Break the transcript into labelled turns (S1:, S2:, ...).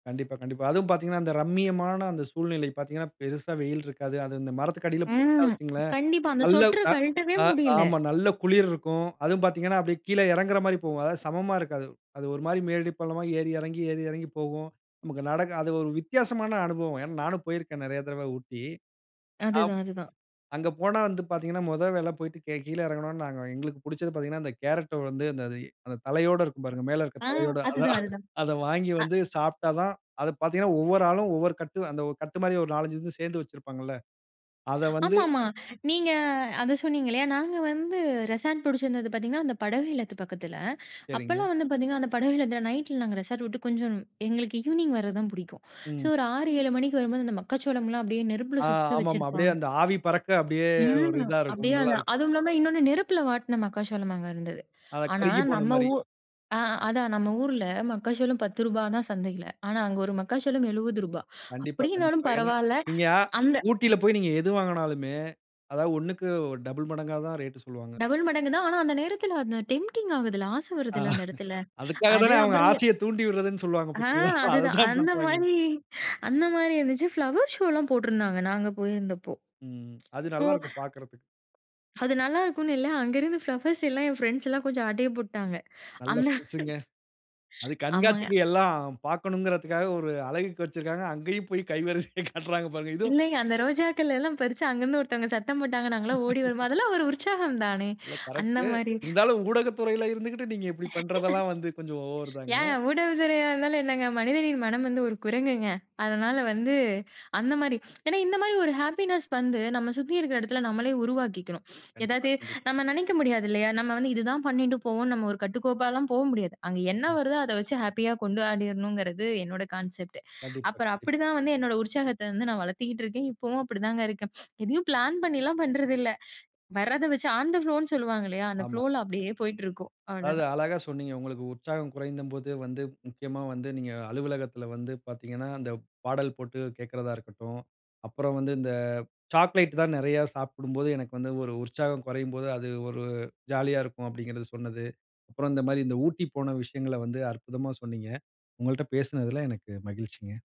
S1: கண்டிப்பா, கண்டிப்பா அதுவும் பார்த்திங்கன்னா, அந்த ரம்மியமான அந்த சூழ்நிலை பார்த்திங்கன்னா, பெருசா வெயில் இருக்காது. அது இந்த மரத்துக்கு அடியில போட்டா
S2: ம்.
S1: வச்சுக்கங்களேன்,
S2: கண்டிப்பா. அந்த
S1: நல்ல
S2: ஸ்வெட்டரு
S1: அ
S2: கழட்டவே
S1: அ
S2: முடியல.
S1: ஆமா. நல்ல குளிர் இருக்கும். அதுவும் பார்த்திங்கன்னா, அப்படியே கீழ இறங்குற மாரி போகும். அதாவது சமமா இருக்காது. அது ஒரு மாரி மேடு பள்ளமா ஏறி இறங்கி ஏறி இறங்கி போகும். நமக்கு நடக்க அது ஒரு வித்தியாசமான அனுபவம். ஏன்னா நானும் போயிருக்கேன் நிறைய தடவை ஊட்டி. ஆப்
S2: அதுதான், அதுதான்.
S1: அங்க போனா வந்து பார்த்தீங்கனா, முதல் வேலை போய்ட்டு கே கீழ இறங்குனோன்னா, நாங்க எங்களுக்கு பிடிச்சது பார்த்தீங்கன்னா அந்த கேரட் வந்து அந்த இ அ தலையோடு இருக்கும் பாருங்க, மேல இருக்க
S2: ஆ.
S1: தலையோட அதான்.
S2: அதுதான், அதுதான்.
S1: அதை வாங்கி வந்து
S2: அ
S1: சாப்பிட்டா தான் அதை பார்த்தீங்கனா ஒவ்வொரு ஆளும் ஒவ்வொரு கட் அந்த கட்டு மாரி, ஒரு 4, 5 வந்து சேர்ந்து வச்சிருப்பாங்கள்ல, அதை வந்து
S2: ஆமா, ஆமா. நீங்க அதை சொன்னிங்க. இல்லையா? நாங்க வந்து ரெசார்ட் பிடிச்சிருந்தது பார்த்திங்கன்னா, அந்த படகு இல்லத்து பக்கத்தில.
S1: சரிங்க.
S2: அப்போல்லாம் வந்து பார்த்திங்கன்னா, அந்த படகு இல்லத்தில நைட்டில, நாங்க ரெசார்ட் விட்டு கொஞ்சம் எங்களுக்கு ஈவ்னிங் வரது தான் பிடிக்கும். ஸோ
S1: ம்.
S2: ஒரு 6, 7 மணிக்கு வரும்போது, அந்த மக்காச்சோளம்லாம் அப்படியே நெருப்பில
S1: ஆ.
S2: சுட்டு
S1: ஆமாமா. அப்படியே
S2: வச்சிருப்பாங்க..
S1: அந்த ஆவி பறக்க அப்படியே ஒரு
S2: ம்.
S1: இதா இருக்கும்.
S2: அப்படியே
S1: நல்லா
S2: அதா
S1: இருக்கும்.
S2: அதும் இல்லாம இன்னொண்ணு, நெருப்பில வாட்டின மக்காசோளம் அங்க இருந்தது.
S1: ஆ.
S2: ஆனா
S1: கருகிப் போன
S2: நம்ம
S1: மாரி.
S2: ஊ ஆ. அதான். நம்ம ஊர்ல மக்காச்சோளம் ரூ.10 தான் சந்தையில. ஆனா அங்க ஒரு மக்காச்சோளம் ரூ.70
S1: கண்டிப்பா, கண்டிப்பா.
S2: அப்படினாலும்
S1: ஏனா
S2: பரவால்ல,
S1: நீங்க
S2: அந்த
S1: ஊட்டியில
S2: ம்.
S1: போய் நீங்க எது வாங்குனாலுமே அதா. ஒண்ணுக்கு 2 மடங்கா தான் ரேட் சொல்லுவாங்க.
S2: 2 மடங்கு தான். ஆனா அந்த நேரத்துல, அந்த டெம்ப்டிங் ஆகுதுல்ல, ஆசை வருதுல்ல அந்த இடத்துல.
S1: அதுக்காக
S2: அது,
S1: தானே அவங்க,
S2: அப்புறம்
S1: ஆசைய தூண்டி விட்ரதுன்னு சொல்லுவாங்க,
S2: ஆ.
S1: பார்த்தீங்களா!
S2: அதுதான்.
S1: அதைதான்
S2: அந்த
S1: பண்றாங்க.
S2: மாரி அந்த மாரி இருந்துச்சு. பிளவர் ஷோல்லாம் போட்டிருந்தாங்க நாங்க போயிருந்தப்போ.
S1: ம், ம். அது
S2: போ
S1: நல்லா இருக்கும் பார்க்கிறதுக்கு.
S2: அது நல்லாயிருக்குன்னு இல்ல. அங்கிருந்து ஃப்ளவர்ஸ் எல்லாம் என் ஃப்ரெண்ட்ஸ் எல்லாம் கொஞ்சம் ஆட்டய போட்டாங்க.
S1: நல்ல
S2: அந்த
S1: ஃபிரெண்ட்ஸ்ங்க. அது
S2: ஆமாங்க.
S1: கண்காட்சிக்கு, எல்லாம் பார்க்கணும்கறதுக்காக ஒரு அழகுக்கு வச்சிருக்காங்க. அங்கயும் போய் கைவரிசையை காட்டுறாங்க பாருங்க. இதும்
S2: இல்லைங்க. அந்த ரோஜாக்கள் எல்லாம் பறிச்சு, அங்க இருந்து ஒருத்தங்க சத்தம் போட்டாங்க. நாங்க எல்லாம் ஓடி வருவோம். அதெல்லாம் ஒரு உற்சாகம் தானே!
S1: இல்ல
S2: அந்த
S1: கரெக்ட்டு.
S2: மாரி.
S1: இருந்தாலும் ஊடக துறையில இருந்துகிட்டு நீங்க இப்படி பண்றதெல்லாம் வந்து கொஞ்சம் ஓவர் தாங்க.
S2: ஏங்க, ஊடக துறையா இருந்தாலும் என்னங்க! மனிதரின் மனம் வந்து ஒரு குரங்குங்க. அதனால வந்து அந்த மாரி ஏன்னா இந்த மாரி ஒரு ஹேப்பினஸ் வந்து நம்ம சுத்தி இருக்கிற இடத்துல நம்மளே உருவாக்கிக்கணும்.
S1: கண்டிப்பா,
S2: ஏதாவது
S1: கண்டிப்பா.
S2: நம்ம நினைக்க முடியாது. இல்லையா? நம்ம வந்து, "இதுதான் பண்ணிட்டு போவோம்." நம்ம ஒரு கட்டுக்கோப்பாலாம் போ முடியாது. அங்க என்ன
S1: [unintelligible]
S2: வருதோ அதை வச்சு ஹேப்பியா கொண்டாடிர்ணும்ங்கிறது என்னோட கான்செப்ட்.
S1: கண்டிப்பா,
S2: அப்புறம்
S1: கண்டிப்பா.
S2: அப்படிதான் வந்து என்னோட உற்சாகத்த வந்து நான் வளர்த்துகிட்டு இருக்கேன். இப்போவும் அப்படிதாங்க இருக்கேன். எதையும் பிளான் பண்ணிலாம் பண்றதில்ல. வரத வச்சு, ஆன் த ஃப்ளோன்னு சொல்லுவாங்க. இல்லையா? அந்த
S1: ஆமா.
S2: ஃப்ளோல அப்படியே போயிட்டிருக்கும்.
S1: அதாவது
S2: அவ்வளோதான்.
S1: அழகா சொன்னீங்க. உங்களுக்கு உற்சாகம் குறைந்தபோது வந்து முக்கியமா வந்து நீங்க அலுவலகத்தில வந்து பார்த்தீங்கனா, அந்த பாடல் போட்டு கேட்கிறதா இருக்கட்டும், அப்புறம் வந்து, "இந்த சாக்லேட் தான் நிறைய சாப்பிடும்போது, எனக்கு வந்து ஒரு உற்சாகம் குறையும்போது அது ஒரு ஜாலியா இருக்கும்." அப்படிங்கிறது சொன்னது. அப்புறம் இந்த மாரி, இந்த ஊட்டி போன விஷயங்கள வந்து அற்புதமா சொன்னீங்க. உங்கள்ட்ட பேசினதில எனக்கு மகிழ்ச்சிங்க.